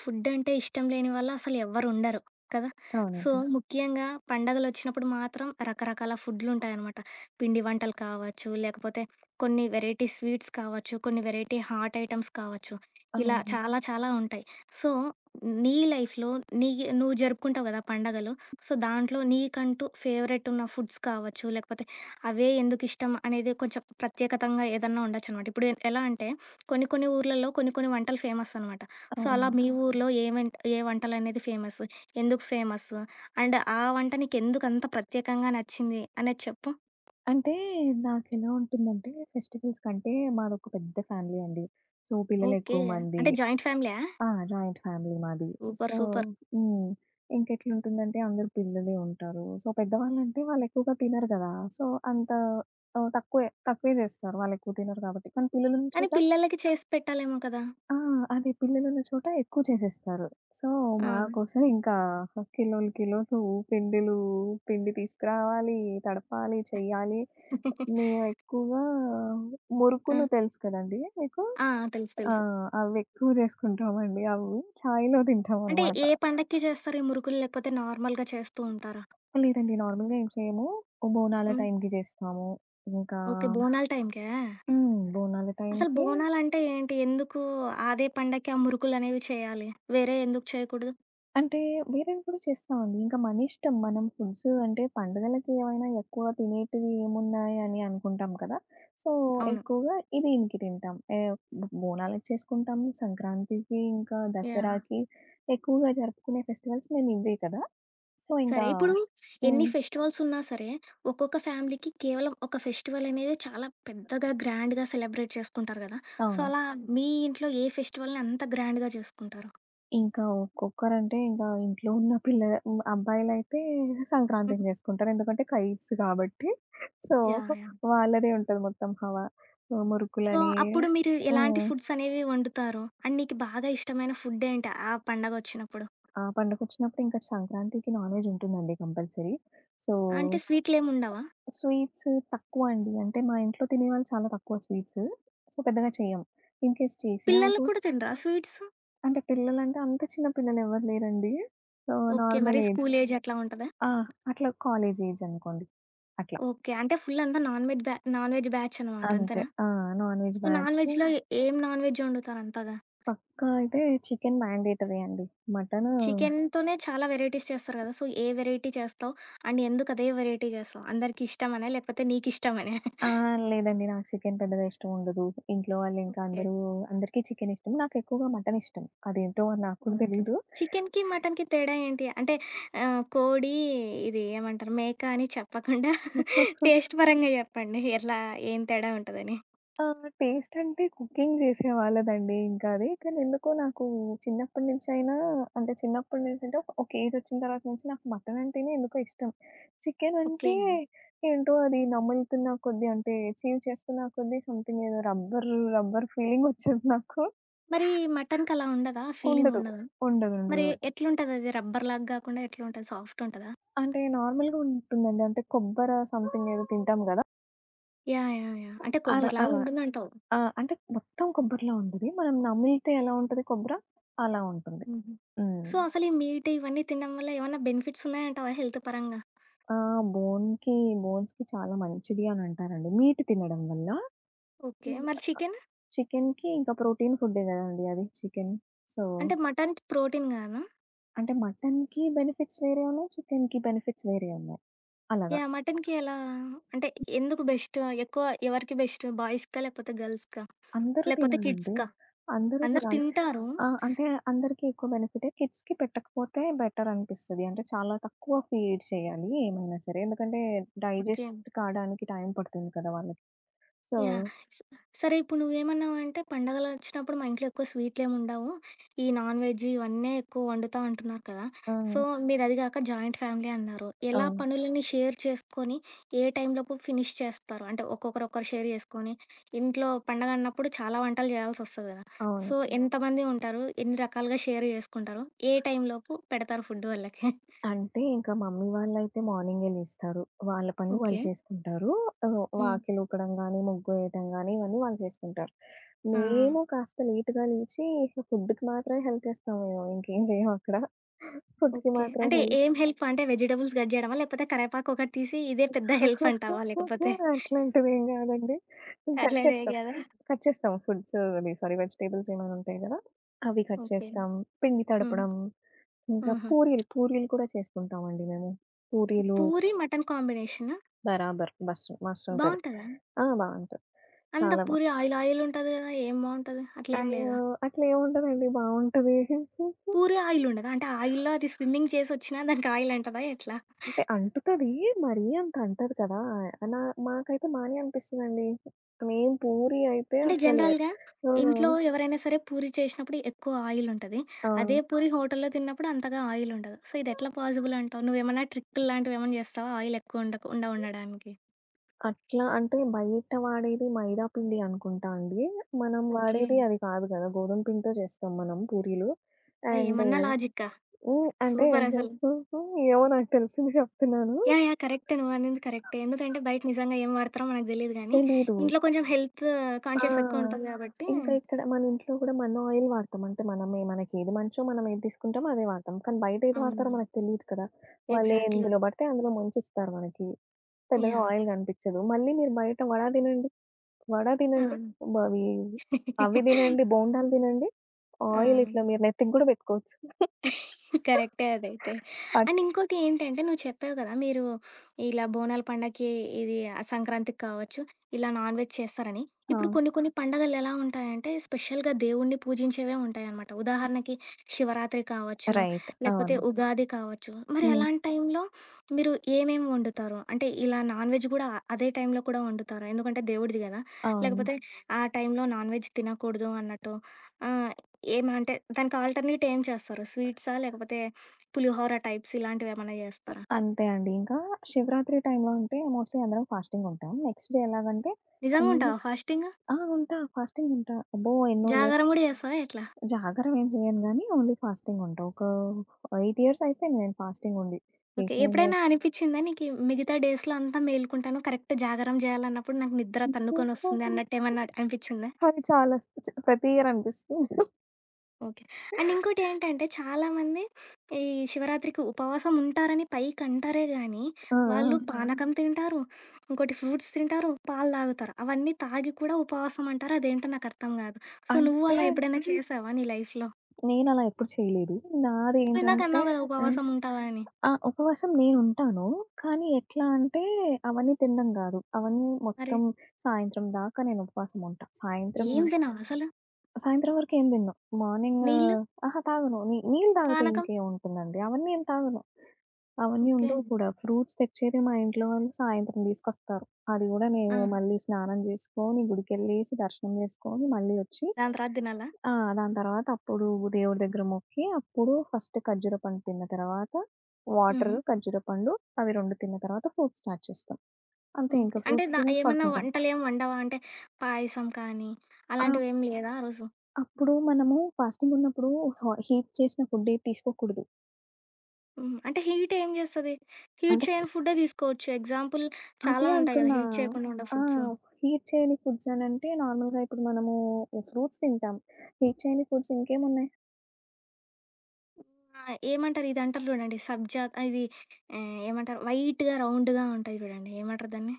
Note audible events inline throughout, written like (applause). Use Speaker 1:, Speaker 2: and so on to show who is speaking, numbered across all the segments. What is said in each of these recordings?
Speaker 1: ఫుడ్డంటే ఇష్టం లేని వాళ్ళు అసలు ఎవరు ఉండరు. కదా! సో,
Speaker 2: అవునండి.
Speaker 1: ముఖ్యంగా పండుగలొచ్చినప్పుడు మాత్రం రకరకాల ఫుడ్‌లుంటాయనమాట. పిండి వంటలు కావచ్చు, లేకపోతే కొన్ని వెరైటీ స్వీట్స్ కావచ్చు, కొన్ని వెరైటీ హాట్ ఐటమ్స్ కావచ్చు, ఇలా
Speaker 2: అవును.
Speaker 1: చాలా, చాలా ఉంటాయి. సో, నీ లైఫ్‌లో నీ నువ్వు జరుపుకుంటావు గదా పండగలు. సో, దాంట్లో నీకంటూ ఫేవరెట్ ఉన్న ఫుడ్స్ కావచ్చు, లేకపోతే అవే ఎందుకు ఇష్టం అనేది కొంచెం ప్రత్యేకతంగా ఏదన్నా ఉండొచ్చనమాట. ఇప్పుడు ఎలా అంటే, కొన్ని, కొన్ని ఊర్లలో కొన్ని, కొన్ని వంటలు ఫేమస్ అనమాట. సో, అలా
Speaker 2: అవును.
Speaker 1: మీ ఊరిలో ఏ వంట ఏ వంటలనేవి ఫేమస్? ఎందుకు ఫేమస్సు? అండ్ ఆ వంట నీకెందుకంత ప్రత్యేకంగా నచ్చింది అనేది చెప్పు?
Speaker 2: అంటే నాకెలా ఉంటుందంటే, ఫెస్టివల్స్‌ కంటే మాదొక పెద్ద ఫ్యామిలీ అండి. So,
Speaker 1: okay.
Speaker 2: పిల్లలెక్కువ మంది.
Speaker 1: అంటే జాయింట్ ఫ్యామిలియ?
Speaker 2: ఆ! జాయింట్ ఫ్యామిలీ మాది.
Speaker 1: సూపర్.
Speaker 2: So
Speaker 1: super.
Speaker 2: హ్మ్. ఇంకెట్లుంటుందంటే, అందరూ పిల్లలే ఉంటారు. సో, పెద్దవా‌ళ్ళంటే వాళ్ళెక్కువగా తినరు కదా! సో, అంత ఆహ్, తక్కువే తక్కువే జేస్తారు. వాళ్ళెక్కువ తినరు గాబట్టి. కానీ పిల్లలున్న
Speaker 1: కానీ
Speaker 2: చోట
Speaker 1: పిల్లలకి చేసి పెట్టాలేమో కదా!
Speaker 2: ఆ! అది పిల్లలున్న చోట ఎక్కువ చేసేస్తారు. సో,
Speaker 1: ఆ!
Speaker 2: మాకోసం ఇంకా కిలోలు, కిలోలు పిండిలు పిండి తీసుకురావాలి, తడపాలి, చెయ్యాలి.
Speaker 1: (giggles)
Speaker 2: మేవెక్కువగా
Speaker 1: ఆ!
Speaker 2: మురుకులు తెలుసు కదండీ మీకు?
Speaker 1: ఆ! తెలుసు.
Speaker 2: ఆ!
Speaker 1: తెలుసు.
Speaker 2: అవెక్కువ జేసుకుంటామండి. అవి చాయిలో (giggles)
Speaker 1: అంటే
Speaker 2: తింటామన్నమాట.
Speaker 1: ఏ పండక్కి జేస్తారు ఈ మురుకులు? లేకపోతే నార్మల్‌గా చేస్తు ఉంటారా?
Speaker 2: లేదండి. నార్మల్‌గా ఏం చేయము. బోనాల
Speaker 1: హ్మ్.
Speaker 2: టైమ్‌కి జేస్తాము. ఇంకా
Speaker 1: ఓకే. బోనాల టైమ్‌కా?
Speaker 2: హ్మ్. బోనాల
Speaker 1: అసలు
Speaker 2: టైమ్‌కి.
Speaker 1: బోనాలంటే ఏంటి? ఎందుకు అదే పండక్కి ఆ మురుకులనేవి చేయాలి? వేరే ఎందుకు చేయకూడదు?
Speaker 2: అంటే వేరేవి కూడా చేస్తాం అండి. ఇంకా మనిష్టం. మనం ఫుడ్సు అంటే పండుగలకేమైనా ఎక్కువ తినేటివి ఏమున్నాయి అని అనుకుంటాం కదా! సో,
Speaker 1: అవును.
Speaker 2: ఎక్కువగా ఇది దీనికి తింటాం. ఏవ్ బొ బోనాలకి చేసుకుంటాం, సంక్రాంతికి, ఇంకా
Speaker 1: యాహ్!
Speaker 2: దసరాకి ఎక్కువగా జరుపుకునే ఫెస్టివల్స్ మేమివే కదా! సో, ఇంకా
Speaker 1: సరే. ఇప్పుడు
Speaker 2: హ్మ్.
Speaker 1: ఎన్ని ఫెస్టివల్స్ ఉన్నా సరే, ఒక్కొక్క ఫ్యామిలీకి కేవలం ఒక ఫెస్టివల్ అనేది చాలా పెద్దగా గ్రాండ్‌గా సెలబ్రేట్ చేసుకుంటారు కదా! సో,
Speaker 2: అవును.
Speaker 1: అలా మీ ఇంట్లో ఏ ఫెస్టివల్‌ని అంత గ్రాండ్‌గా జేసుకుంటారు?
Speaker 2: ఇంకా ఒక్కొక్కరంటే ఇంగా ఇంట్లో ఉన్న పిల్లల హ్మ్ అబ్బాయిలైతే
Speaker 1: హ్మ్.
Speaker 2: సంక్రాంతిని జేసుకుంటారు. ఎందుకంటే, కైట్స్ గాబట్టి. So,
Speaker 1: yeah!
Speaker 2: వాళ్ళదే
Speaker 1: యాహ్!
Speaker 2: ఉంటది వాళ్ళదే ఉంటది మొత్తం హవా.
Speaker 1: సో,
Speaker 2: మురుకులని
Speaker 1: అప్పుడు మీరు ఎలాంటి
Speaker 2: హ్మ్.
Speaker 1: ఫుడ్స్ అనేవి వండుతారు? అండ్, మీకు బాగా ఇష్టమైన ఫుడ్ ఏంటి? ఆ పండగొచ్చినప్పుడు?
Speaker 2: ఆ! పండకొచ్చినప్పుడింకా సంక్రాంతికి నాన్‍వెజ్ ఉంటుందండి కంపల్సరీ. సో,
Speaker 1: అంటే స్వీట్‌లేముండవా?
Speaker 2: స్వీట్సు తక్కువ అండి. అంటే, మా ఇంట్లో తినేవాళ్ళు చాలా తక్కువ స్వీట్సు. సో, పెద్దగా చెయ్యము. ఇన్‍కేస్ చేసినా
Speaker 1: పిల్లలు
Speaker 2: కూ
Speaker 1: కూడా తినరా స్వీట్సు?
Speaker 2: అంటే, పిల్లలంటే అంత చిన్న పిల్లలు ఎవరు లేరండి. ఆ
Speaker 1: ఓకే.
Speaker 2: నార్మల్
Speaker 1: మరి
Speaker 2: ఏజ్.
Speaker 1: స్కూల్ ఏజ్ అట్లా ఉంటదా?
Speaker 2: ఆ! అట్లా కాలేజ్ ఏజ్ అనుకోండి. అట్లా.
Speaker 1: ఓకే. అంటే, ఫుల్ అంతా నాన్‍వెజ్ బ్యా నాన్ వెజ్ బ్యాచ్ అనమాట
Speaker 2: అంతే.
Speaker 1: అంతేనా?
Speaker 2: ఆ! నాన్‍‍వెజ్
Speaker 1: సో,
Speaker 2: బ్యాచు
Speaker 1: నాన్‍వెజ్‍లో ఏం నాన్‍వెజ్ ఒండుతారు అంతగా?
Speaker 2: పక్కా అయితే చికెను మ్యాండేటరీ అండి. మటను
Speaker 1: చికెనుతోనే చాలా వెరైటీస్ చేస్తారు గదా! సో, ఏ వెరైటీ చేస్తావు? అండ్, ఎందుకు, అదే వెరైటీ జేస్తావు? అందరికి ఇష్టమనా? లేకపోతే నీకు ఇష్టమనా?
Speaker 2: ఆ!
Speaker 1: (chuckles) ఇష్టమనా?
Speaker 2: లేదండి. నాకు చికెను పెద్దగా ఇష్టముండదు. ఇంట్లో వాళ్ళింకా
Speaker 1: ఓకే.
Speaker 2: అందరూ అందరికి చికెనిష్టం. నాకెక్కువగా మటను ఇష్టం. అదేంటో, నాకు కూడా
Speaker 1: ఓకే.
Speaker 2: తెలీదు.
Speaker 1: చికెనుకి, మటనుకి తేడా ఏంటి? అంటే, ఆహ్, కోడి ఇది ఏమంటారు? మేక అని చెప్పకుండా (chuckles) టేస్ట్ పరంగా
Speaker 2: (chuckles)
Speaker 1: చెప్పండి? ఎట్లా, ఏం తేడా ఉంటదని?
Speaker 2: ఆ! టేస్ట్ అంటే, కుకింగ్ జేసేవాళ్ళదండి ఇంకా అది. కానెందుకో నాకు చిన్నప్పటినుంచైనా అంటే, చిన్నప్పటి నుంచి అంటే, ఒక ఏజ్ ఒచ్చిన తర్వాత నుంచి నాకు మటను అంటేనే ఎందుకో ఇష్టం. Chicken
Speaker 1: okay.
Speaker 2: అంటే, ఏంటో అది నములుతున్న కొద్దీ అంటే, చీవ్ చేస్తున్న కొద్దీ సమ్‌థింగ్ ఏదో రబ్బర్ రబ్బర్ ఫీలింగ్ ఒచ్చేది నాకు.
Speaker 1: మరి, మటనుకలా ఉండదా? ఫీలింగ్
Speaker 2: ఉండదు.
Speaker 1: ఉండదా?
Speaker 2: ఉండదుండదు.
Speaker 1: మరి ఎట్లుంటదది? రబ్బర్ లాగా గాకుండా ఎట్లుంటది? సాఫ్ట్ ఉంటదా?
Speaker 2: అంటే, నార్మల్‍గా ఉంటుందండి. అంటే, కొబ్బర సమ్‌థింగ్ ఏదో తింటాం గదా!
Speaker 1: యాహ్! యాహ్! యాహ్! అంటే
Speaker 2: అల్
Speaker 1: కొబ్బరి
Speaker 2: అలా.
Speaker 1: లాగుంటుందంటావు?
Speaker 2: ఆ! అంటే మొత్తం కొబ్బరిలా ఉండది. మనం నమిలితే ఎలా ఉంటది కొబ్బరా? అలా ఉంటుంది.
Speaker 1: హుహు.
Speaker 2: హ్మ్.
Speaker 1: సో, అసలు ఈ మీట్ ఇవన్నీ తినడం వల్ల ఏమైనా బెనిఫిట్స్ ఉన్నాయంటావా హెల్త్ పరంగా?
Speaker 2: ఆ! బోన్‌కి బోన్స్‌కి చాలా మంచిది అని అంటారండి మీట్ తినడం వల్ల.
Speaker 1: ఓకే.
Speaker 2: హ్మ్.
Speaker 1: మరి చికెను?
Speaker 2: చికెన్‌కి ఇంకా ప్రోటీన్ ఫుడ్డే కదండీ! అది చికెన్. సో
Speaker 1: అంటే మటన్ ప్రోటీన్ గాదా?
Speaker 2: అంటే మటన్‌కి బెనిఫిట్స్ వేరే ఉన్నాయి. చికెన్‌కి బెనిఫిట్స్ వేరే ఉన్నాయి. అలాగా.
Speaker 1: యాహ్! మటన్‌కి ఎలా అంటే ఎందుకు బెస్టు ఎక్కువ? ఎవరికి బెస్టు బాయ్స్‌కా? లేకపోతే గర్ల్స్‌కా?
Speaker 2: అందరూ
Speaker 1: లేకపోతే
Speaker 2: తినాలండి.
Speaker 1: కిడ్స్‌కా?
Speaker 2: అందరూ
Speaker 1: అందరూ
Speaker 2: తినాలి.
Speaker 1: తింటారు.
Speaker 2: ఆహ్, అంటే అందరికి ఎక్కువ బెనిఫిటే. కిడ్స్‌కి పెట్టకపోతే బెటర్ అనిపిస్తది. అంటే చాలా తక్కువ ఫీడ్ చేయాలి ఏమైనా సరే. ఎందుకంటే,
Speaker 1: ఓకే.
Speaker 2: డైజెస్ట్ కావడానికి టైం పడుతుంది కదా వాళ్ళకి. So
Speaker 1: yeah! స సరే ఇప్పుడు నువ్వేమన్నావంటే, పండుగలొచ్చినప్పుడు మా ఇంట్లో ఎక్కువ స్వీట్‌లేమి ఉండవు. ఈ నాన్‌వెజ్ ఇవన్నీ ఎక్కువ వండుతం అంటున్నారు కదా! సో
Speaker 2: ఆ!
Speaker 1: మీరదిగాక జాయింట్ ఫ్యామిలీ అన్నారు. ఎలా
Speaker 2: అవును.
Speaker 1: పనులన్నీ షేర్ చేసుకొని, ఏ టైంలోపు ఫినిష్ చేస్తారు? అంటే ఒక్కొక్కరు ఒకరు షేర్ చేసుకొని, ఇంట్లో పండుగన్నప్పుడు చాలా వంటలు జేయాల్సొస్తది కదా!
Speaker 2: అవును.
Speaker 1: సో ఎంతమంది ఉంటారు? ఎన్ని రకాలుగా షేర్ జేసుకుంటారు? ఏ టైంలోపు పెడతారు ఫుడ్ వాళ్ళకి? (chuckles)
Speaker 2: అంటే ఇంకా మమ్మీ వాళ్ళైతే మార్నింగే లేస్తారు. వాళ్ళ పని వాళ్ళు
Speaker 1: ఓకే.
Speaker 2: చేసుకుంటారు. ఆహ్,
Speaker 1: హ్మ్.
Speaker 2: వాకిలి ఊకడం గాని, ముగ్గు వేయటం గాని ఇవన్నీ వాళ్ళు చేసుకుంటారు.
Speaker 1: ఆ! ఆ!
Speaker 2: మేము కాస్త లేట్‌గా లేచి, ఫుడ్‌కి మాత్రమే హెల్ప్ ఇస్తాము. మేము (chuckles) ఇంకేం చేయమక్కడ. ఫుడ్‌కి
Speaker 1: ఓకే.
Speaker 2: మాత్రమే
Speaker 1: అంటే
Speaker 2: హెల్
Speaker 1: ఏం హెల్ప్? అంటే వెజిటబుల్స్ కట్ జేయడమా, లేకపోతే కరివేపాకు ఒకటి తీసి ఇదే (chuckles) పెద్ద హెల్ప్ అంటావా,
Speaker 2: (giggles)
Speaker 1: లేకపోతే?
Speaker 2: అట్లాంటివేం కాదండి. కట్
Speaker 1: అట్లాంటివేం
Speaker 2: చేస్తాం,
Speaker 1: గాదా?
Speaker 2: కట్ చేస్తాం. ఫుడ్స్ సారీ వెజిటబుల్స్ ఏమైనా ఉంటాయి కదా! అవి కట్
Speaker 1: ఓకే.
Speaker 2: చేస్తాం. పిండి
Speaker 1: హ్మ్.
Speaker 2: తడపడం, ఇంకా
Speaker 1: హుహు.
Speaker 2: పూరీలు పూరీలు కూడా చేసుకుంటాం అండి మేము. పూరీలు
Speaker 1: పూరి మటన్ కాంబినేషనా?
Speaker 2: బరాబర్ బస్సు మస్తు ఉంటది.
Speaker 1: బావుంటదా?
Speaker 2: ఆ! బావుంటది.
Speaker 1: అంతా
Speaker 2: చాలా బా
Speaker 1: పూరి ఆయిల్ ఆయిల్ ఉంటది గదా! ఏం బావుంటది. అట్లేమి
Speaker 2: అయ్యో!
Speaker 1: లేదా?
Speaker 2: అట్లా ఏముంటదండి బావుంటది. (giggles)
Speaker 1: పూరి ఆయిల్ ఉండదా? అంటే ఆయిల్‌లో అది స్విమ్మింగ్ చేసొచ్చిన (chuckles) దానికి ఆయిల్ అంటదా ఎట్లా?
Speaker 2: అంటే అంటుతది. మరి అంతటదు కదా! నా మాకైతే మానే అనిపిస్తుందండి. మేము పూరి అయితే
Speaker 1: అంటే
Speaker 2: అసలు
Speaker 1: జనరల్‌గా
Speaker 2: ఆ!
Speaker 1: ఇంట్లో ఎవరైనా సరే పూరి చేసినప్పుడు ఎక్కువ ఆయిల్ ఉంటది. అదే
Speaker 2: అవును.
Speaker 1: పూరి హోటల్‌లో తిన్నప్పుడు అంతగా ఆయిల్ ఉండదు. సో ఇది ఎట్లా పాజిబుల్ అంటావు? నువ్వేమన్నా ట్రిక్కులు లాంటిలేమన్నా చేస్తావా? ఆయిలెక్కువ ఉండకుండా ఉండడానికి?
Speaker 2: అట్లా అంటే బయట వాడేది మైదా పిండి అనుకుంటా అండి. మనం
Speaker 1: ఓకే.
Speaker 2: వాడేది అది కాదు కదా! గోధుమ పిండితో చేస్తాం మనం పూరీలు.
Speaker 1: ఆ!
Speaker 2: అండ్
Speaker 1: ఏమన్నా లాజిక్కా.
Speaker 2: ఉ అంటే
Speaker 1: సూపరసలు.
Speaker 2: (giggles) ఏమో నాకు తెలిసింది చెప్తున్నాను.
Speaker 1: యాహ్! యాహ్! కరెక్టే. నువ్వు అనింది కరెక్టే. ఎందుకంటే బయట నిజంగా ఏం వాడతారో మనకి తెలియదు గానీ,
Speaker 2: తెలీదు.
Speaker 1: ఇంట్లో కొంచెం హెల్తు
Speaker 2: ఆ!
Speaker 1: కాన్షియస్ ఎక్కువ ఉంటది కాబట్టి
Speaker 2: ఇంకా ఇక్కడ మన ఇంట్లో కూడా మన ఆయిల్ వాడతాం. అంటే మనమే మనకేది మంచో మనమేది తీసుకుంటామో అదే వాడతాం. కానీ బయటేది వాడతారో
Speaker 1: అవును.
Speaker 2: మనకు తెలియదు కదా!
Speaker 1: ఎగ్జాక్ట్‌లీ.
Speaker 2: వాళ్ళెందులో పడితే అందులో ముంచిస్తారు మనకి. పెద్దగా
Speaker 1: యాహ్!
Speaker 2: ఆయిల్ కనిపిచ్చదు. మళ్ళీ మీరు బయట వడ తినండి, వడ తినండి,
Speaker 1: అవును.
Speaker 2: బవీ అవి
Speaker 1: (chuckles)
Speaker 2: తినండి, బోండాలు తినండి ఆయిల్ ఇట్లా
Speaker 1: ఆ!
Speaker 2: మీరు నెత్తికి కూడా పెట్టుకోవచ్చు.
Speaker 1: (chuckles) కరెక్టే అదైతే.
Speaker 2: (chuckles)
Speaker 1: అండ్
Speaker 2: అక్
Speaker 1: ఇంకోటి ఏంటంటే, నువ్వు చెప్పావు కదా! మీరు ఇలా బోనాల పండగకి, ఇది ఆ సంక్రాంతికి కావచ్చు ఇలా నాన్‌వెజ్ చేస్తారని. ఇప్పుడు
Speaker 2: ఆ!
Speaker 1: కొన్ని కొన్ని పండగలెలా ఉంటాయంటే, స్పెషల్‌గా దేవుణ్ణి పూజించేవే ఉంటాయన్నమాట. ఉదాహరణకి, శివరాత్రి కావచ్చు
Speaker 2: రైట్.
Speaker 1: లేకపోతే
Speaker 2: అవును.
Speaker 1: ఉగాది కావచ్చు, మరి
Speaker 2: హ్మ్.
Speaker 1: అలాంటి టైంలో మీరు ఏమేమి వండుతారు? అంటే ఇలా నాన్‌వెజ్ గూడా అదే టైంలో కూడా వండుతారు, ఎందుకంటే దేవుడిది గదా!
Speaker 2: అవును.
Speaker 1: లేకపోతే ఆ టైంలో నాన్‌వెజ్ తినకూడదు అన్నట్టు ఆహ్, ఏం అంటే దానికి ఆల్‌టర్‌నేట్ ఏం చేస్తారు, స్వీట్సా లేకపోతే పులిహోర టైప్స్ ఇలాంటివేమన్నా జేస్తారా?
Speaker 2: అంతే అండి. ఇంకా శివరాత్రి టైంలో ఉంటే మోస్ట్‌లీ అందరం ఫాస్టింగ్ ఉంటాం. నెక్స్ట్ డే ఎలాగంటే
Speaker 1: నిజంగా
Speaker 2: అన్ని
Speaker 1: ఉంటావా ఫాస్టింగు?
Speaker 2: ఆ! ఉంటా. ఫాస్టింగ్ ఉంటా. అబ్బో! ఎన్నో ఇయర్స్.
Speaker 1: జాగారం గూడా జేస్తావా ఎట్లా?
Speaker 2: జాగరమేం జేయను గాని, ఓన్లీ ఫాస్టింగ్ ఉంటా. ఒక 8 ఇయర్స్ అయిపోయింది నేను ఫాస్టింగ్ ఉండి,
Speaker 1: ఓకే.
Speaker 2: 8, 9 ఇయర్స్.
Speaker 1: ఎప్పుడైనా అనిపించిందా నీకి? మిగతా డేస్‌లో అంతా మేలుకుంటాను. కరెక్ట్ జాగారం జేయాలన్నప్పుడు నాకు నిద్ర తన్నుకొనిస్తుంది
Speaker 2: (giggles)
Speaker 1: అన్నట్టేమన్నా అనిపించిందా?
Speaker 2: అది చాలా స్పెషల్. ప్రతి ఇయర్ అనిపిస్తుంది. (chuckles)
Speaker 1: ఓకే. అండ్ ఇంకోటి ఏంటంటే, చాలామంది. (sniffs) ఈ శివరాత్రికి ఉపవాసం ఉంటారని పైకంటారే గానీ,
Speaker 2: ఆ!
Speaker 1: వాళ్ళు
Speaker 2: ఆ!
Speaker 1: పానకం తింటారు. ఇంకోటి ఫ్రూట్స్ తింటారు. పాలు తాగుతారు. అవన్నీ తాగి కూడా ఉపవాసం అంటారు. అదేంటో నాకు అర్థం గాదు! సో, నువ్వు
Speaker 2: అంటే
Speaker 1: అలా ఎప్పుడైనా చేశావా నీ లైఫ్‌లో?
Speaker 2: నేనలా ఎప్పుడు చేయలేదు.
Speaker 1: నువ్వు ఇందాక
Speaker 2: నాదేంటంటే
Speaker 1: అన్నావు కదా
Speaker 2: హ్.
Speaker 1: ఉపవాసం ఉంటావని?
Speaker 2: ఆ ఉపవాసం నేనుంటాను. కానీ ఎట్లా అంటే, అవన్నీ తిండం గాదు. అవన్నీ
Speaker 1: మరి?
Speaker 2: మొత్తం సాయంత్రం దాకా నేను ఉపవాసం ఉంటా. సాయంత్రము
Speaker 1: ఏం తినవాసలు?
Speaker 2: సాయంత్రం వరకు ఏం తినను. మార్నింగ్
Speaker 1: నీళ్ళు?
Speaker 2: అహా! తాగను. ని నీళ్ళు తాగితే
Speaker 1: పానకం?
Speaker 2: ఇంకేముంటుందండి. అవన్నీ ఏం తాగను. అవన్నీ ఉండవు
Speaker 1: ఓకే.
Speaker 2: కూడా, ఫ్రూట్స్ తెచ్చేది మా ఇంట్లో వాళ్ళు సాయంత్రం తీసుకొస్తారు. అది గూడా మేమే
Speaker 1: ఆ!
Speaker 2: మళ్ళీ స్నానం చేసుకొని, గుడికెళ్ళేసి, దర్శనం చేసుకొని, మళ్ళీ ఒచ్చి
Speaker 1: దాని తర్వాత తినాలా?
Speaker 2: ఆ! దాని తర్వాత అప్పుడు దేవుడి దగ్గర మొక్కి, అప్పుడు ఫస్ట్ ఖర్జూర పండు తిన్న తర్వాత, వాటర్,
Speaker 1: హుహు.
Speaker 2: ఖర్జూర పండు అవి 2 తిన్న తర్వాత ఫ్రూట్స్ స్టార్ట్ చేస్తాం. అంతే ఇంక
Speaker 1: ఓకే. అంటే,
Speaker 2: ఫ్రూట్స్
Speaker 1: ధ
Speaker 2: తినేసి
Speaker 1: ఏమన్నా
Speaker 2: పడుకుంటాం.
Speaker 1: వంటలేం వండవా? అంటే పాయసం కానీ,
Speaker 2: ఆ!
Speaker 1: అలాంటివేం లేదా ఆరోజు?
Speaker 2: అప్పుడూ మనము ఫాస్టింగున్నప్పుడు హ హీట్ చేసిన ఫుడ్ ఏది తీసుకోకూడదు.
Speaker 1: హుహు. అంటే హీట్ ఏంజేస్తది. హీట్
Speaker 2: అంటే
Speaker 1: చేయని ఫుడ్డే దీసుకోవచ్చు. ఎగ్జాంపుల్
Speaker 2: అదే
Speaker 1: చాలా ఉంటాయి గదా!
Speaker 2: అంటున్నా.
Speaker 1: హీట్ చేయకుండా ఉండే
Speaker 2: ఆ!
Speaker 1: ఫుడ్సు.
Speaker 2: హీట్ చేయని ఫుడ్స్ అనంటే నార్మల్‌గా ఇప్పుడు మనము ఈ ఫ్రూట్స్ తింటాం. హీట్ చేయని ఫుడ్స్ ఇంకేమున్నాయి?
Speaker 1: ఆ! ఏమంటరు? ఇదంటరు జూడండి. సబ్జా ఆహ్, ఇది ఆహ్, ఏమంటరు? వైట్‌గా, రౌండ్‌గా ఉంటయి జూడండి. ఏమంటరు దాన్ని?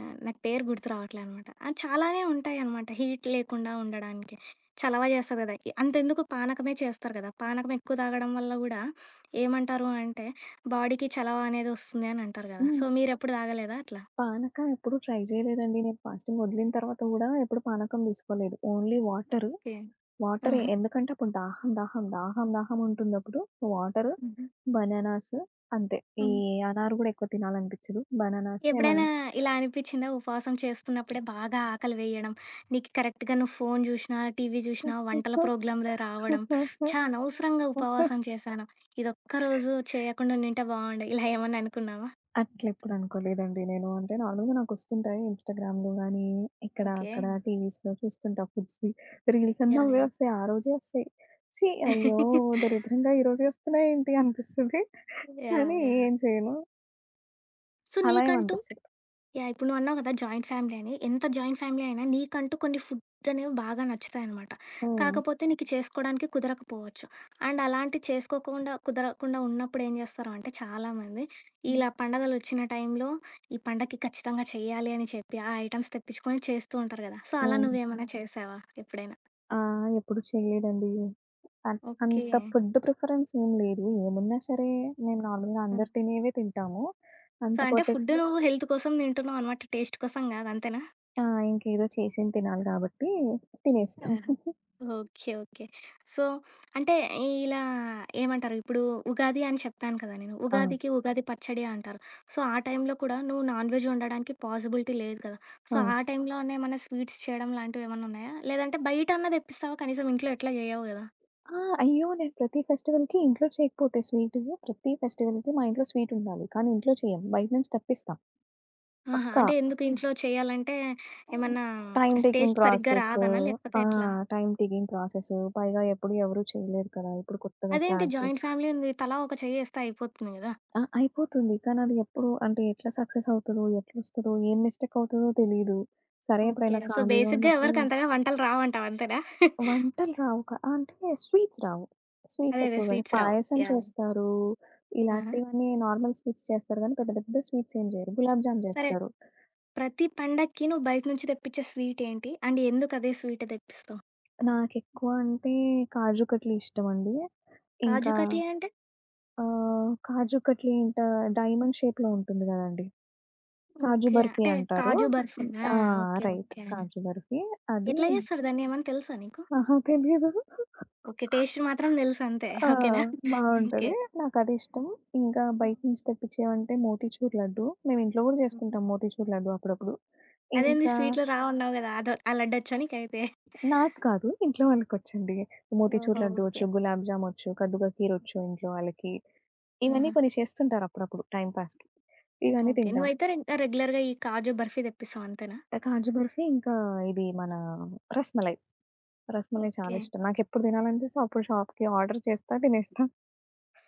Speaker 1: ఆహ్, నాకు పేరు గుర్తు రావట్లేనమాట. ఆ చాలానే ఉంటాయనమాట హీట్ లేకుండా ఉండడానికి. చలవ జేస్తది గదా! ఇ అంతెందుకు పానకమే చేస్తరు గదా! పానకమెక్కువ తాగడం వల్ల గూడా ఏమంటారు అంటే, బాడీకి చలవ అనేది ఒస్తుంది అనంటారు గదా!
Speaker 2: హ్మ్.
Speaker 1: సో, మీరెప్పుడు దాగలేదా అట్లా?
Speaker 2: పానకం ఎప్పుడు ట్రై జేయలేదండి. నేను ఫాస్టింగ్ ఒదిలిన తరువాత గూడా ఎప్పుడూ పానకం దీసుకోలేదు. Only water
Speaker 1: okay.
Speaker 2: వాటరే,
Speaker 1: ఆహా!
Speaker 2: ఎందుకంటే అప్పుడు దాహం, దాహం, దాహం, దాహం ఉంటుందప్పుడు. వాటరు,
Speaker 1: హుహు.
Speaker 2: బనానాస్ అంతే. ఈ
Speaker 1: హ్మ్.
Speaker 2: అనార్ గూడా ఎక్కువ తినాలనిపిచ్చదు. బనానాస్ ఏమనా
Speaker 1: ఎప్పుడైనా ఇలా అనిపిచ్చిందా? ఉపవాసం చేస్తున్నప్పుడే బాగా ఆకలి వెయ్యడం, నీకు కరెక్ట్‌గా నువ్వు ఫోను జూసినా, టీవీ జూసినా వంటల ప్రోగ్లామ్‌లే రావడం. ఛా! అనవసరంగా
Speaker 2: (giggles)
Speaker 1: ఉపవాసం చేసాను. ఇదొక్కరోజు చేయకుండా ఉండింటే బాగుండు. (chuckles) ఇలా ఏమన్నా అనుకున్నావా?
Speaker 2: అట్లెప్పుడు అనుకోలేదండి నేను. అంటే నార్మల్‌గా నాకొస్తుంటాయి ఇన్‌స్టాగ్రామ్‌లో గాని, ఇక్కడా అక్కడా
Speaker 1: ఓకే.
Speaker 2: టీవీస్‌లో చూస్తుంటా ఫుడ్స్‌వీ. రీల్సన్నీ
Speaker 1: యాహ్!
Speaker 2: అవ్వే
Speaker 1: యాహ్!
Speaker 2: ఒస్తయి. ఆరోజే ఒస్తయి. ఛీ! అయ్యో!
Speaker 1: (chuckles)
Speaker 2: దరిద్రంగా ఈరోజే ఒస్తున్నాయేంటి అనిపిస్తుంది. (giggles)
Speaker 1: యాహ్!
Speaker 2: కానీ
Speaker 1: యాహ్!
Speaker 2: ఏం చేయను
Speaker 1: సో
Speaker 2: అలా ఏం
Speaker 1: నీకంటూ
Speaker 2: అనిపించదు.
Speaker 1: యాహ్! ఇప్పుడు నువ్వన్నావు కదా! జాయింట్ ఫ్యామిలీ అని. ఎంత జాయింట్ ఫ్యామిలీ అయినా నీకంటూ కొన్ని ఫుడ్ అనేవి బాగా నచ్చుతాయనమాట.
Speaker 2: హ్మ్.
Speaker 1: కాకపోతే నీకు చేసుకోడానికి కుదరకపోవచ్చు. అండ్ అలాంటివి చేసుకోకుండా, కుదరకుండా ఉన్నప్పుడేం చేస్తారు అంటే చాలామంది,
Speaker 2: హ్మ్.
Speaker 1: ఇలా పండుగలొచ్చిన టైంలో, ఈ పండగకి ఖచ్చితంగా చేయాలి అని చెప్పి, ఆ ఐటెమ్స్ తెప్పించుకొని చేస్తూ ఉంటారు కదా! సో అలా
Speaker 2: హ్మ్.
Speaker 1: నువ్వేమైనా చేసావా ఎప్పుడైనా?
Speaker 2: ఆహ్, ఎప్పుడూ చేయలేదండి. అన్
Speaker 1: ఓకే.
Speaker 2: అంత ఫుడ్ ప్రిఫరెన్స్ ఏం లేదు. ఏమున్నా సరే మేము నార్మల్‌గా
Speaker 1: హ్మ్.
Speaker 2: అందరూ తినేవే తింటాము.
Speaker 1: సో
Speaker 2: అంత
Speaker 1: అంటే ఫుడ్
Speaker 2: పర్టిక్యుల
Speaker 1: నువ్వు హెల్త్ కోసం తింటున్నావన్నమాట. టేస్ట్ కోసం కాదు. అంతేనా?
Speaker 2: ఆ! ఇంకేదో చేసింది తినాలి కాబట్టి, తినేస్తాం.
Speaker 1: ఆహా!
Speaker 2: (chuckles)
Speaker 1: ఓకే. ఓకే. సో, అంటే ఇలా ఏమంటారు, ఇప్పుడు ఉగాది అని చెప్పాను కదా నేను.
Speaker 2: ఆ!
Speaker 1: ఉగాదికి ఉగాది పచ్చడి అంటారు. సో ఆ టైంలో కూడా నువ్వు నాన్‌వెజ్ వండడానికి పాసిబిలిటీ లేదు కదా! సో
Speaker 2: ఆ!
Speaker 1: ఆ టైంలో నేమన్నా స్వీట్స్ చేయడం లాంటివేమన్నున్నాయా? లేదంటే బయటన్నా తెప్పిస్తావా కనీసం? ఇంట్లో ఎట్లా చెయ్యవు కదా!
Speaker 2: ఆ! అయ్యో! నేను ప్రతి ఫెస్టివల్‌కి ఇంట్లో చేయకపోతే స్వీట్, ప్రతి ఫెస్టివల్‌కి మా ఇంట్లో స్వీట్ ఉండాలి. కానీ, ఇంట్లో చేయం. బయట నుంచి తెప్పిస్తాం.
Speaker 1: ఆహా!
Speaker 2: పక్కా.
Speaker 1: అంటే ఎందుకు ఇంట్లో చేయాలంటే
Speaker 2: అవును.
Speaker 1: ఏమన్నా
Speaker 2: టైమ్ టేకింగ్
Speaker 1: టేస్ట్ సరిగ్గా
Speaker 2: ప్రాసెసు.
Speaker 1: రాదనా లేకపోతే
Speaker 2: ఆ!
Speaker 1: ఎట్లా?
Speaker 2: Time taking process. పైగా ఎప్పుడు ఎవరు చేయలేరు కదా! ఇప్పుడు కొత్తగా
Speaker 1: అదేంటి?
Speaker 2: స్టార్ట్ చేసి
Speaker 1: జాయింట్ ఫ్యామిలీ ఉంది. తలా ఒక చెయ్యేస్తే అయిపోతుంది కదా!
Speaker 2: ఆ! అయిపోతుంది. కానీ, అది ఎప్పుడు అంటే ఎట్లా సక్సెస్ అవుతదో, ఎట్లొస్తదో, ఏం మిస్టేక్ అవుతదో తెలీదు. సరే,
Speaker 1: ఓకే.
Speaker 2: ఎప్పుడైనా
Speaker 1: సో,
Speaker 2: ఖాళీగా
Speaker 1: బేసిక్‌గా
Speaker 2: ఉన్నప్పుడు
Speaker 1: ఎవరికంతగా వంటలు రావంటావంతేనా? (chuckles)
Speaker 2: వంటలు రావుక ఆహ్, అంటే స్వీట్స్ రావు. స్వీట్స్
Speaker 1: అదే. అదే.
Speaker 2: ఎక్కువగా
Speaker 1: స్వీట్స్ రావు.
Speaker 2: పాయసం
Speaker 1: యాహ్!
Speaker 2: చేస్తారు.
Speaker 1: ఆహ!
Speaker 2: ఇలాంటివన్నీ నార్మల్ స్వీట్స్ చేస్తారు కానీ, పెద్ద పెద్ద స్వీట్స్ ఏం జెయ్యరు. గులాబ్ జామ్
Speaker 1: సరే.
Speaker 2: జేస్తారు.
Speaker 1: ప్రతి పండక్కి నువ్వు బయట నుంచి తెప్పించే స్వీట్ ఏంటి? And ఎందుకదే sweet తెప్పిస్తావు?
Speaker 2: నాకెక్కువ అంటే కాజు కట్లీ ఇష్టమండి.
Speaker 1: కాజు
Speaker 2: ఇంకా
Speaker 1: కట్లీ అంటే?
Speaker 2: ఆహ్, కాజు కట్లీ అంటే డైమండ్ షేప్‌లో ఉంటుంది కదండీ! కాజు
Speaker 1: ఓకే.
Speaker 2: బర్ఫీ
Speaker 1: అంటే
Speaker 2: అంటారు.
Speaker 1: కాజు
Speaker 2: హ్మ్.
Speaker 1: బర్ఫేనా?
Speaker 2: ఆ!
Speaker 1: Okay.
Speaker 2: Right
Speaker 1: okay.
Speaker 2: Kaju barfi. అదీ
Speaker 1: ఎట్లా చేస్తారు దాన్ని? ఏమన్నా తెలుసా నీకు?
Speaker 2: అహా! తెలియదు. (chuckles)
Speaker 1: ఓకే. టేస్ట్ మాత్రం తెలుసంతే.
Speaker 2: ఆ!
Speaker 1: ఓకేనా? (chuckles) ఓకే.
Speaker 2: బావుంటది. నాకది ఇష్టం. ఇంకా బయట నుంచి తెప్పించేవంటే మోతిచూర్ లడ్డు. మేమింట్లో కూడా
Speaker 1: హ్మ్.
Speaker 2: చేసుకుంటాం మోతిచూర్ లడ్డు అప్పుడప్పుడు.
Speaker 1: అదేంది?
Speaker 2: ఇంకా
Speaker 1: స్వీట్లు రావన్నావు కదా! అదొ ఆ లడ్డచ్చా నీకైతే? (chuckles)
Speaker 2: నాకు కాదు. ఇంట్లో వాళ్ళకొచ్చండి. మోతిచూర్
Speaker 1: ఓహో!
Speaker 2: లడ్డు
Speaker 1: ఓకే.
Speaker 2: ఒచ్చు, గులాబ్ జామ్ ఒచ్చు, కద్దు కా కీర్ ఒచ్చు ఇంట్లో వాళ్ళకి. ఇవన్నీ
Speaker 1: హుహు.
Speaker 2: కొన్ని చేస్తుంటారప్పుడప్పుడు టైమ్ పాస్‌కి ఇవన్నీ
Speaker 1: ఓకే.
Speaker 2: తింటాం.
Speaker 1: నువ్వైతే రిన్ రెగ్యులర్‌గా ఈ కాజు బర్ఫీ దెప్పిస్తవంతేనా?
Speaker 2: ఆ! కాజు బర్ఫీ ఇంకా ఇది మన రస్‌మలై. రస్‌మలై చాలా
Speaker 1: ఓకే.
Speaker 2: ఇష్టం. నాకెప్పుడు తినాలనిపిస్తే అప్పుడు షాప్‌కి ఆర్డర్ చేస్తా. తినేస్తా. (chuckles)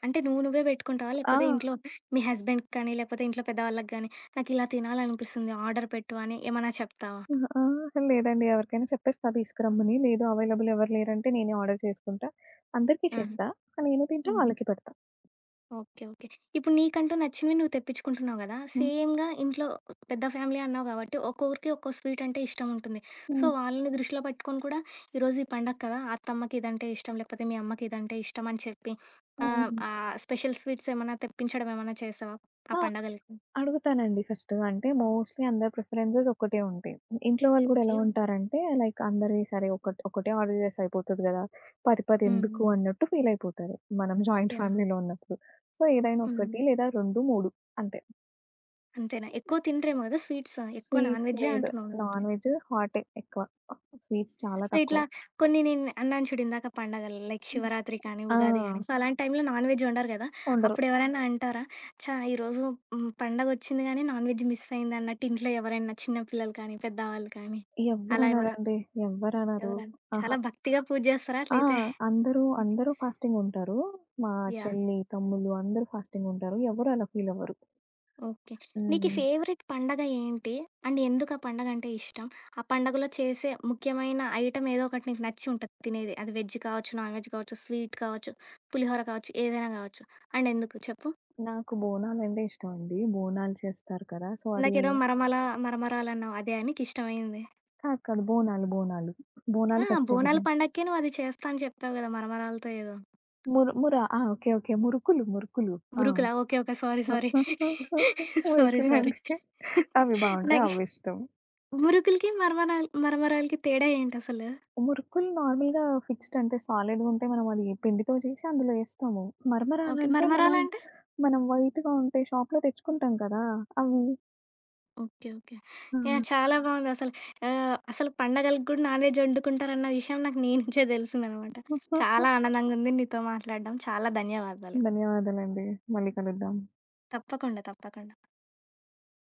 Speaker 1: అంటే నువ్వు నువ్వే పెట్టుకుంటావా? లేకపోతే
Speaker 2: ఆ!
Speaker 1: ఇంట్లో మీ హస్బండ్‌కి కానీ, లేకపోతే ఇంట్లో పెద్దవాళ్ళకి గానీ, నాకిలా తినాలనిపిస్తుంది. ఆర్డర్ పెట్టు అని ఏమన్నా చెప్తావా?
Speaker 2: అహా, ఆ! లేదండి. ఎవరికైనా చెప్పేస్తా తీసుకురమ్మని. లేదు అవైలబుల్ ఎవరు లేరంటే నేనే ఆర్డర్ చేసుకుంటా. అందరికి
Speaker 1: ఆహా!
Speaker 2: చేస్తా. నేను తింటా,
Speaker 1: హుహు.
Speaker 2: వాళ్ళకి పెడతా.
Speaker 1: ఓకే. ఓకే. ఇప్పుడు నీకంటూ నచ్చినవి నువ్వు తెప్పించుకుంటున్నావు కదా!
Speaker 2: హ్మ్.
Speaker 1: సేమ్‌గా ఇంట్లో పెద్ద ఫ్యామిలీ అన్నావు కాబట్టి, ఒక్కొక్కరికి ఒక్కో స్వీట్ అంటే ఇష్టం ఉంటుంది. సో
Speaker 2: హ్మ్.
Speaker 1: వాళ్ళని దృష్టిలో పెట్టుకొని కూడా ఈరోజు ఈ పండగ కదా! అత్తమ్మకిదంటే ఇష్టం, లేకపోతే మీ అమ్మకిదంటే ఇష్టం అని చెప్పి, ఆహ్,
Speaker 2: హుహు.
Speaker 1: ఆ స్పెషల్ స్వీట్స్ ఏమన్నా తెప్పించడం ఏమన్నా చేసావా ఆ
Speaker 2: ఆ!
Speaker 1: పండగలకి?
Speaker 2: అడుగుతానండి ఫస్ట్ అంటే మోస్ట్‌లీ అందరి ప్రిఫరెన్సెస్ ఒకటే ఉంటాయి. ఇంట్లో వాళ్ళు కూడా ఎలా
Speaker 1: ఓకే.
Speaker 2: ఉంటారంటే, లైక్ అందరి సరే, ఒకట్ ఒకటే ఆర్డర్ చేస్తే అయిపోతది కదా! 10
Speaker 1: హ్మ్.
Speaker 2: పదెందుకు?
Speaker 1: హ్మ్.
Speaker 2: అన్నట్టు ఫీల్ అయిపోతారు, మనం జాయింట్
Speaker 1: యాహ్!
Speaker 2: ఫ్యామిలీ‌లో ఉన్నప్పుడు. సో ఏదైనా ఒకటి,
Speaker 1: హ్మ్.
Speaker 2: లేదా 2, 3 అంతే.
Speaker 1: అంతేనా? ఎక్కువ తిన‌రేమో కదా స్వీట్స్! ఎక్కువ నాన్
Speaker 2: స్వీట్స్
Speaker 1: వెజ్జే
Speaker 2: లేదు.
Speaker 1: అంటున్నావు అంతే.
Speaker 2: నాన్‌వేజ్ హాటే ఎక్కువ. స్వీట్స్ చాలా
Speaker 1: సో
Speaker 2: తక్కువ.
Speaker 1: ఇట్లా కొన్ని నేను అన్నాను చూడిందాక పండగలు లైక్ శివరాత్రి కానీ, ఉగాది కానీ
Speaker 2: ఆ!
Speaker 1: సో, అలాంటి టైంలో నాన్ వెజ్ వండరు గదా!
Speaker 2: ఉండరు.
Speaker 1: అప్పుడెవరైనా అంటారా? చా! ఈరోజు హ్మ్ పండగొచ్చింది గానీ నాన్‌వెజ్ మిస్ అయిందన్నట్టు. ఇంట్లో ఎవరైనా చిన్న పిల్లలు కానీ, పెద్దవాళ్ళు కానీ అలా ఏమైనా
Speaker 2: ఎవ్వరనరండి. ఎవ్వరనరు.
Speaker 1: ఎవర‌న్న
Speaker 2: అహా!
Speaker 1: చాలా భక్తిగా పూజ చేస్తారా
Speaker 2: ఆ!
Speaker 1: అట్లయితే?
Speaker 2: అందరూ అందరూ ఫాస్టింగ్ ఉంటారు. మా
Speaker 1: యాహ్!
Speaker 2: చెల్లి, తమ్ముళ్ళు అందరూ ఫాస్టింగ్ ఉంటారు. ఎవరు అలా ఫీల్‌ అవ్వరు.
Speaker 1: ఓకే. నీకీ
Speaker 2: హ్మ్.
Speaker 1: ఫేవరైట్ పండుగ ఏంటి? అండ్ ఎందుకు ఆ పండగ అంటే ఇష్టం? ఆ పండుగలో చేసే ముఖ్యమైన ఐటెమ్ ఏదోకటి నీకు నచ్చి ఉంటది తినేది. అది వెజ్ కావచ్చు, నాన్‌వెజ్ కావచ్చు, స్వీట్ కావచ్చు, పులిహోర కావచ్చు, ఏదైనా కావచ్చు. అండ్ ఎందుకు చెప్పు?
Speaker 2: నాకు బోనాలం‌డే ఇష్టమండి. బోనాలు చేస్తారు కదా! సో అది
Speaker 1: ఇందాకేదో మర‌మల మరమరాలన్నావు. అదా నీకిష్టమైంది?
Speaker 2: ఆ! కాదు‌. బోనాలు‌ బోనాలు.
Speaker 1: ఆ!
Speaker 2: బోనాలు
Speaker 1: బోనాల
Speaker 2: ఫెస్టివలే.
Speaker 1: పండకి నువ్వు అది చేస్తా అని చెప్పావు కదా! మరమరాలతో ఏదో.
Speaker 2: ము‌ర‌ముర ఆ! ఓ‌కే. ఓకే. మురుకులు, మురుకులు ఆ!
Speaker 1: మురుకులా? ఓ‌కే. ఒక. సారి సారి. (chuckles) సారి సారి
Speaker 2: మురుకులంటే
Speaker 1: (chuckles)
Speaker 2: అవి బావుంటాయి.
Speaker 1: నాకి
Speaker 2: అవ్విష్టం.
Speaker 1: మురుకులకి, మ‌ర‌మల్ మరమరాలకి తేడా ఏంటసలు?
Speaker 2: మురుకులు నార్మల్‌గా ఫిక్స్‌డ్‌ అంటే సాలిడ్‌గుంటా‌‌‌‌యి. మనం అది పిండితో చేసి అందులో ఏస్తాము.
Speaker 1: ఓ‌కే.
Speaker 2: మరమరాలంటే మనం
Speaker 1: మరమరా‌లంటే?
Speaker 2: మనం వైట్‌గా ఉం‌టా‌యి. షాప్‌లో తెచ్చుకుంటాం కదా! అవి.
Speaker 1: ఓ‌కే. ఓ‌కే. యాహ్!
Speaker 2: హా!
Speaker 1: చాలా బావుందసలు. ఆహ్, అసలు పండగలకి కూడా నాన్‌వెజ్ ఒండుకుంటారన్న‌ విషయం నాకు నీ‌నుంచే తెలిసిందన్నమాట.
Speaker 2: (giggles)
Speaker 1: చాలా ఆనందంగుంది నీతో మాట్లాడడం. చాలా ధన్యవాదాలు.
Speaker 2: ధన్యవాదాలండి. మళ్ళీ కలుద్దాం.
Speaker 1: తప్పకుండా. తప్పకుండా.